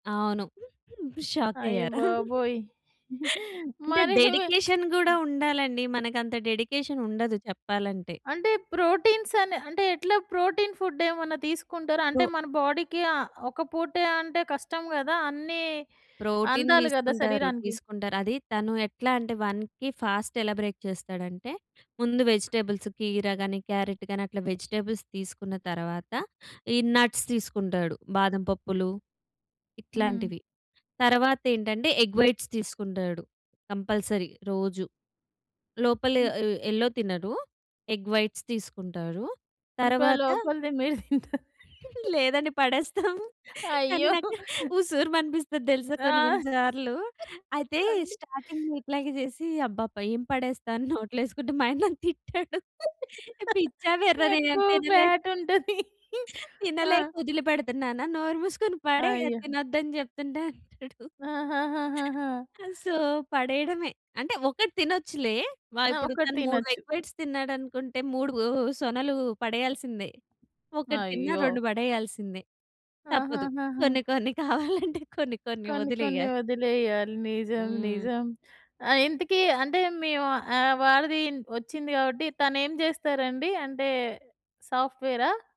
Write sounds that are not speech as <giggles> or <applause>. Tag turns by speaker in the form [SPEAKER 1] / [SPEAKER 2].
[SPEAKER 1] అవును. <giggles>
[SPEAKER 2] అయ్య
[SPEAKER 1] షాక్కయ్యారా?
[SPEAKER 2] బాబోయ్!
[SPEAKER 1] <chuckles>
[SPEAKER 2] <giggles>
[SPEAKER 1] అంటే,
[SPEAKER 2] మరీ మీ
[SPEAKER 1] డెడికేషన్ గూడా
[SPEAKER 2] <smacks lips>
[SPEAKER 1] ఉండాలండి. మనకంత డెడికేషనుండదు చెప్పాలంటే.
[SPEAKER 2] అంటే, ప్రోటీన్సనె అంటే, ఎట్లా? ప్రోటీన్ ఫుడ్డేమన్నా తీసుకుంటారా?
[SPEAKER 1] ప్రో
[SPEAKER 2] అంటే, మన బాడీ‌కి ఆహ్, ఒక పూటే అంటే కష్టం గదా! అన్నీ
[SPEAKER 1] ప్రోటీన్
[SPEAKER 2] అందాలి గదా
[SPEAKER 1] దీసుకుంటారు.
[SPEAKER 2] శరీరానికి.
[SPEAKER 1] తీసుకుంటారు. అది తను ఎట్లా అంటే, 1కి ఫాస్ట్ ఎలా బ్రేక్ చేస్తాడంటే, ముందు వెజిటబుల్స్ కీర గానీ, క్యారట్ గానీ, అట్లా వెజిటబుల్స్ తీసుకున్న తరవాత, ఈ నట్స్ తీసుకుంటాడు. బాదం పప్పులు
[SPEAKER 2] హ్మ్.
[SPEAKER 1] ఇట్లాంటివి. తరవాతేంటంటే, ఎగ్ వైట్స్ తీసుకుంటాడు కంపల్సరీ రోజు. లోపల
[SPEAKER 2] హ్మ్.
[SPEAKER 1] ఆహ్, యెల్లో తినడు. ఎగ్ వైట్స్ తీసుకుంటారు.
[SPEAKER 2] ఇంకా
[SPEAKER 1] తర్వాత
[SPEAKER 2] లోపలది మీరు తింటా
[SPEAKER 1] లేదండి పడేస్తాము, కానీ
[SPEAKER 2] అయ్యో!
[SPEAKER 1] నాకు ఉసూరుమనిపిస్తది దెలుసా
[SPEAKER 2] ఆ!
[SPEAKER 1] కొన్ని కొన్ని సార్లు. అయితే,
[SPEAKER 2] అండి.
[SPEAKER 1] స్టార్టింగ్‌లో ఇట్లాగే జేసీ, అబ్బబ్బా! ఏం పడేస్తా అని నోట్లో యేసుకుంటే మా ఆయన నన్ను తిట్టాడు. పిచ్చా, వెర్రా నేనేం
[SPEAKER 2] ఎక్కువ
[SPEAKER 1] తినలే...
[SPEAKER 2] ఫ్యాటుంటది. ఆ!
[SPEAKER 1] తినలేక ఒదిలి పెడతన్నానా. నోరు మూసుకొని పడేయి, అది
[SPEAKER 2] అయ్యో!
[SPEAKER 1] తినొద్దని జెప్తుంటే అంటాడు.
[SPEAKER 2] ఆహాహాహాహా!
[SPEAKER 1] ఆ! సో, పడేయడమే. అంటే, ఒకటి తినొచ్చులే. వ
[SPEAKER 2] ఆ!
[SPEAKER 1] ఇప్పుడు
[SPEAKER 2] ఒక్కటి
[SPEAKER 1] తను 3
[SPEAKER 2] తినచ్చు.
[SPEAKER 1] ఎగ్ వైట్స్ తిన్నాడనుకుంటే, 3 వూ సొనలు పడెయ్యాల్సిందే. 1 తిన్నా,
[SPEAKER 2] అయ్యో!
[SPEAKER 1] 2 పడెయ్యాల్సిందే. తప్పదు.
[SPEAKER 2] ఆహాహాహా!
[SPEAKER 1] కొన్ని కొన్ని కావాలంటే కొన్ని కొన్ని
[SPEAKER 2] కొన్ని కొన్ని
[SPEAKER 1] ఒదిలెయ్యాలి.
[SPEAKER 2] ఇదిలెయ్యాలి. నిజం.
[SPEAKER 1] హ్మ్.
[SPEAKER 2] నిజం. ఆహ్, ఇంతకీ అంటే, మీ వా ఆహ్, వారిదీ ఒచ్చింది గాబట్టి, తనేం జేస్తారండి? అంటే, సాఫ్ట్‌వేరా?